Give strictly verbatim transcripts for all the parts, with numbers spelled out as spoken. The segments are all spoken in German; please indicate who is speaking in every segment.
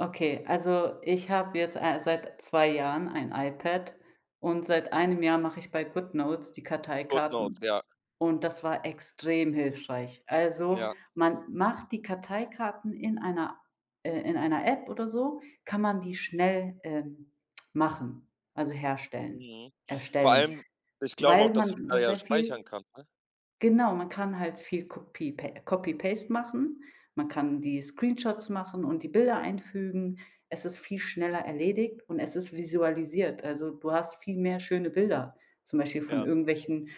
Speaker 1: Okay, also ich habe jetzt, äh, seit zwei Jahren ein iPad, und seit einem Jahr mache ich bei Goodnotes die
Speaker 2: Goodnotes,
Speaker 1: Karteikarten,
Speaker 2: ja.
Speaker 1: und das war extrem hilfreich. Also,
Speaker 2: Ja.
Speaker 1: man macht die Karteikarten in einer äh, in einer App oder so kann man die schnell, ähm, machen, also herstellen
Speaker 2: Mhm. Vor
Speaker 1: erstellen,
Speaker 2: allem ich glaube auch,
Speaker 1: weil
Speaker 2: dass so 'n
Speaker 1: man da
Speaker 2: Teil ja
Speaker 1: sehr
Speaker 2: speichern
Speaker 1: viel
Speaker 2: kann, ne?
Speaker 1: Genau, man kann halt viel kopie Copy Paste machen. Man kann die Screenshots machen und die Bilder einfügen. Es ist viel schneller erledigt, und es ist visualisiert. Also, du hast viel mehr schöne Bilder, zum Beispiel von
Speaker 2: Ja.
Speaker 1: irgendwelchen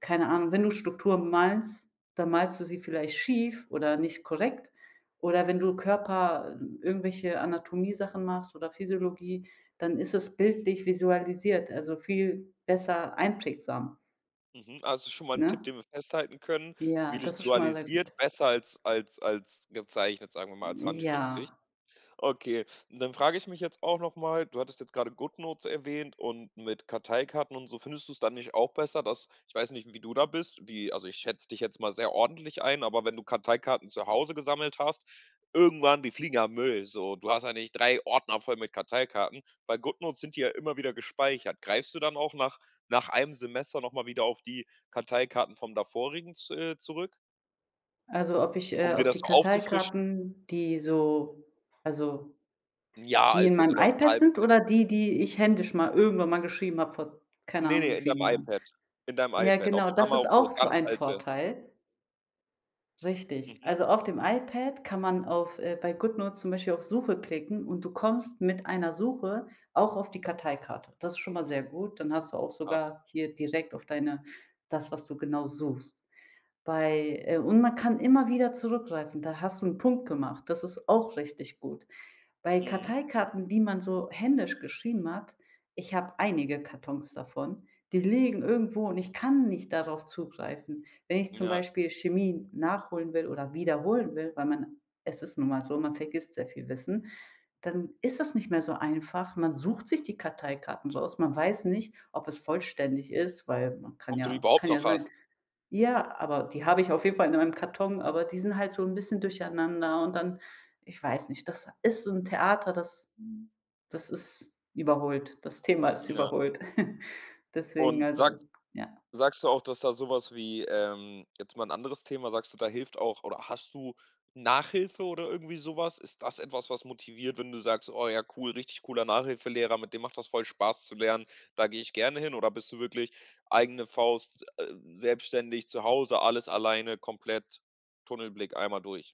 Speaker 1: keine Ahnung wenn du Struktur malst, dann malst du sie vielleicht schief oder nicht korrekt. Oder wenn du Körper, hm, irgendwelche Anatomiesachen machst oder Physiologie, dann ist es bildlich visualisiert, also viel besser einprägsam.
Speaker 2: Mhm, also das ist schon mal 'n Tipp,
Speaker 1: Ne?
Speaker 2: den wir festhalten können,
Speaker 1: Ja, das ist schon mal sehr
Speaker 2: vilusualisiert,
Speaker 1: gut.
Speaker 2: besser als als als gezeichnet, sagen wir mal
Speaker 1: N
Speaker 2: als
Speaker 1: ja.
Speaker 2: handschriftlich. Okay, und dann frage ich mich jetzt auch noch mal, du hattest jetzt gerade Goodnotes erwähnt und mit Karteikarten und so, findest du's dann nicht auch besser, dass ich weiß nicht, wie du da bist, wie also ich schätze dich jetzt mal sehr ordentlich ein. Aber wenn du Karteikarten zu Hause gesammelt hast, irgendwann die fliegen ja in Müll, so. Du hast ja nicht drei Ordner voll mit Karteikarten. Bei Goodnotes sind die ja immer wieder gespeichert. Greifst du dann auch nach nach einem Semester noch mal wieder auf die Karteikarten vom davorigen, z äh, zurück?
Speaker 1: Also, ob ich,
Speaker 2: Um
Speaker 1: äh,
Speaker 2: dir
Speaker 1: auf
Speaker 2: das
Speaker 1: die
Speaker 2: so aufzufrischen?
Speaker 1: Karteikarten, die so also
Speaker 2: 'N Jahr
Speaker 1: die
Speaker 2: alt
Speaker 1: in
Speaker 2: sind
Speaker 1: meinem
Speaker 2: oder so 'n
Speaker 1: iPad
Speaker 2: halbes
Speaker 1: sind?
Speaker 2: Jahr.
Speaker 1: Oder die, die ich händisch ma irgendwann mal geschrieben habe, vor keine
Speaker 2: Ne,
Speaker 1: Ahnung
Speaker 2: ne,
Speaker 1: wie
Speaker 2: in deinem
Speaker 1: vielen Jahren?
Speaker 2: iPad. In deinem
Speaker 1: Ja,
Speaker 2: iPad. Ob
Speaker 1: genau.
Speaker 2: du da auch
Speaker 1: Das
Speaker 2: mal
Speaker 1: ist
Speaker 2: so
Speaker 1: auch so
Speaker 2: ganz
Speaker 1: ein
Speaker 2: alte
Speaker 1: Vorteil. Richtig.
Speaker 2: Mhm.
Speaker 1: Also, auf dem iPad kann man auf äh, bei Goodnotes zum Beispiel auf Suche klicken und du kommst mit einer Suche auch auf die Karteikarte. Das ist schon mal sehr gut. Dann hast du auch
Speaker 2: Krass.
Speaker 1: sogar hier direkt auf deine das, was du genau suchst. Bei äh, und man kann immer wieder zurückgreifen. Da hast du 'n Punkt gemacht. Das ist auch richtig gut. Bei
Speaker 2: Mhm.
Speaker 1: Karteikarten, die man so händisch geschrieben hat ich habe einige Kartons davon. Die liegen irgendwo und ich kann nicht darauf zugreifen. Wenn ich zum
Speaker 2: Ja.
Speaker 1: Beispiel Chemie nachholen will oder wiederholen will, weil man es ist nun mal so, man vergisst sehr viel Wissen dann ist das nicht mehr so einfach. Man sucht sich die Karteikarten raus. Man weiß nicht, ob es vollständig ist, weil man kann
Speaker 2: Ob du die
Speaker 1: ja
Speaker 2: überhaupt
Speaker 1: kann ja
Speaker 2: noch
Speaker 1: sein.
Speaker 2: hast?
Speaker 1: Ja, aber die habe ich auf jeden Fall in meinem Karton, aber die sind halt so 'n bisschen durcheinander und dann ich weiß nicht das ist so 'n Theater, das das ist überholt. Das Thema ist
Speaker 2: Ja.
Speaker 1: überholt. Deswegen,
Speaker 2: Und sags
Speaker 1: also, ja.
Speaker 2: sagst du auch, dass da so was wie, ähm jetzt mal 'n anderes Thema: Sagst du, da hilft auch oder hast du Nachhilfe oder irgendwie so was? Ist das etwas, was motiviert, wenn du sagst: „Oh ja, cool, richtig cooler Nachhilfelehrer, mit dem macht das voll Spaß zu lernen, da gehe ich gerne hin“, oder bist du wirklich eigene Faust, s äh, selbstständig, zu Hause, alles alleine, komplett, Tunnelblick, einmal durch?